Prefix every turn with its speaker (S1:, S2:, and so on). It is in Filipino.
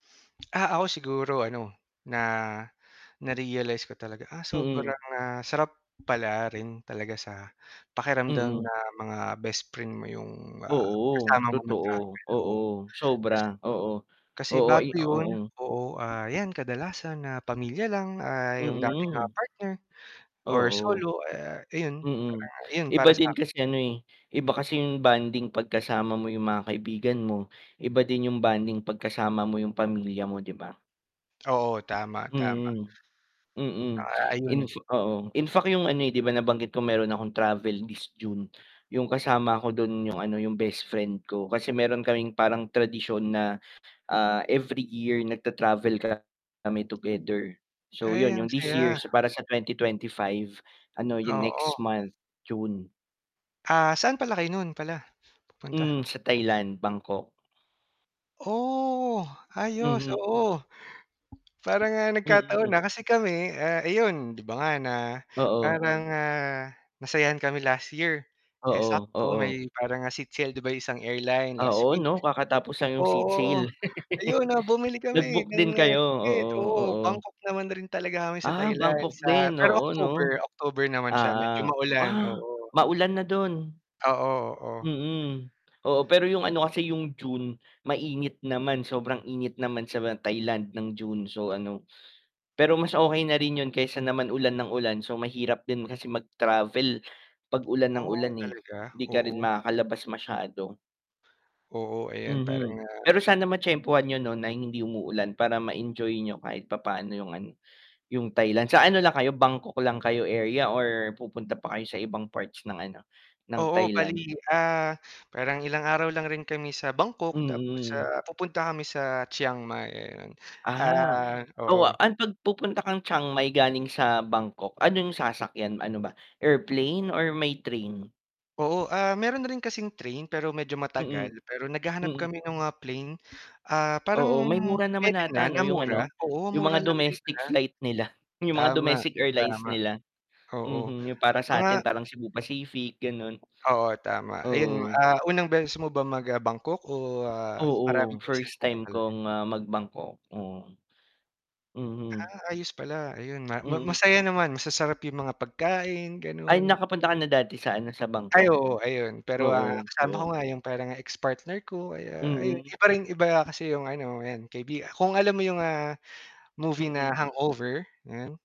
S1: Ah ako siguro ano na na-realize ko talaga ah
S2: Mm.
S1: sobrang ah sarap pala rin talaga sa pakiramdam
S2: Mm.
S1: na mga best friend mo 'yong ah
S2: Oo
S1: kasama mo
S2: totoo,
S1: mag-travel o
S2: oo
S1: kasi
S2: sobra, oo,
S1: Kasi
S2: oo,
S1: bago
S2: ay
S1: 'yon,
S2: oo.
S1: oo ah 'yan kadalasan na pamilya lang ah 'yong dati ah
S2: Mm.
S1: partner or
S2: Oo.
S1: solo eh ayon,
S2: Mm,
S1: ayon
S2: iba
S1: para sa
S2: din kasi ano eh iba kasi 'yong bonding kapag kasama mo 'yong mga kaibigan mo, iba din 'yong bonding kapag kasama mo 'yong pamilya mo di ba?
S1: Oo tama, tama.
S2: Mm. Mm
S1: Ah
S2: in
S1: ayon.
S2: oo in fact 'yong ano di ba nabanggit ko meron akong travel this June, 'yong kasama ko do'n 'yong ano 'yong bestfriend ko kasi meron kaming parang tradisyon na ah every year nagta-travel ka mi together, so
S1: Ay,
S2: 'yon
S1: ang
S2: 'yong this year
S1: saya.
S2: para sa 2025. Ano, 'yong next
S1: Oo.
S2: month June.
S1: Ah saan pala kayo no'n pala pupunta?
S2: Mm, sa Thailand, Bangkok.
S1: Oh, ayos
S2: Mm.
S1: oo parang nga nagkataon
S2: Mm.
S1: na kasi kami ah ayon di ba nga na
S2: Oo.
S1: parang nga nasayahan kami last year, eh,
S2: Oo,
S1: sakto
S2: oo.
S1: may parang nga seat sale di ba 'yong isang airline last
S2: Oo
S1: week.
S2: 'no kakatapos lang 'yong seat
S1: Oo
S2: sale.
S1: ayon na bumili kami
S2: Nag-book
S1: ng
S2: din kayo? Oo,
S1: ticket oo
S2: oo.
S1: Bangkok naman rin talaga kami sa
S2: Ah
S1: Thailand
S2: Bangkok
S1: sa
S2: din
S1: pero
S2: oo 'no.
S1: October, October naman siya medyo
S2: Ah,
S1: maulan
S2: ah
S1: ,oo.
S2: maulan na do'n.
S1: Oo, oo.
S2: Mm, oo pero 'yong ano kasi 'yong June mainit naman sobrang init naman sa Thailand ng June so ano, pero mas okay na rin 'yon kaysa naman ulan ng ulan so mahirap din kasi mag-travel pag ulan ng
S1: Oh,
S2: ulan eh
S1: talaga
S2: di ka rin
S1: oo.
S2: makakalabas masyado.
S1: Oo ayan parang
S2: Mhm,
S1: nga
S2: pero sana matyempuhan niyo no'n na hindi umuulan para ma-enjoy niyo kahit papaano 'yong ano, 'yong Thailand, sa ano lang kayo, Bangkok lang kayo area or pupunta pa kayo sa ibang parts ng ano ng
S1: Oo
S2: Thailand?
S1: bali, ah, parang ilang araw lang rin kami sa Bangkok tapos
S2: Mm.
S1: sa pupunta kami sa Chiang Mai ayon,
S2: Ah
S1: ah
S2: oo
S1: oo.
S2: ang pag pupunta kang Chiang Mai galing sa Bangkok, ano 'yong sasakyan ano ba airplane or may train?
S1: Oo ah meron rin kasing train pero medyo matagal
S2: Mhm,
S1: pero naghahanap
S2: mhm.
S1: kami no'ng mga plane, ah parang
S2: Oo may mura naman
S1: pwede na,
S2: ata
S1: na
S2: 'no yung
S1: mura
S2: ano,
S1: oo
S2: 'yong mga
S1: mura lang din
S2: domestic
S1: pala.
S2: flight nila, 'yong mga
S1: Tama.
S2: domestic airlines
S1: Tama.
S2: nila,
S1: Oo.
S2: mhm 'yong para sa atin
S1: Mga
S2: parang Cebu Pacific gano'n.
S1: Oo tama ayon,
S2: Oo.
S1: ah, unang beses mo ba mag Bangkok o ah
S2: Oo,
S1: maraming beses
S2: first
S1: na rin
S2: time
S1: talaga?
S2: kong ah mag Bangkok, oo. Mhm.
S1: Ah ayos pala ayon ma ma
S2: Mhm.
S1: masaya naman, masasarap 'yong mga pagkain
S2: Ay
S1: gano'n.
S2: nakapunta ka na dati sa ano sa
S1: Ay
S2: Bangkok?
S1: oo ayon pero ah
S2: Oo,
S1: kasama ko
S2: oo.
S1: nga 'yong parang ex partner ko ay ayon
S2: Mm.
S1: iba rin iba kasi 'yong ano kaibigan, kung alam mo 'yong ah movie na
S2: Mhm.
S1: hangover, yan?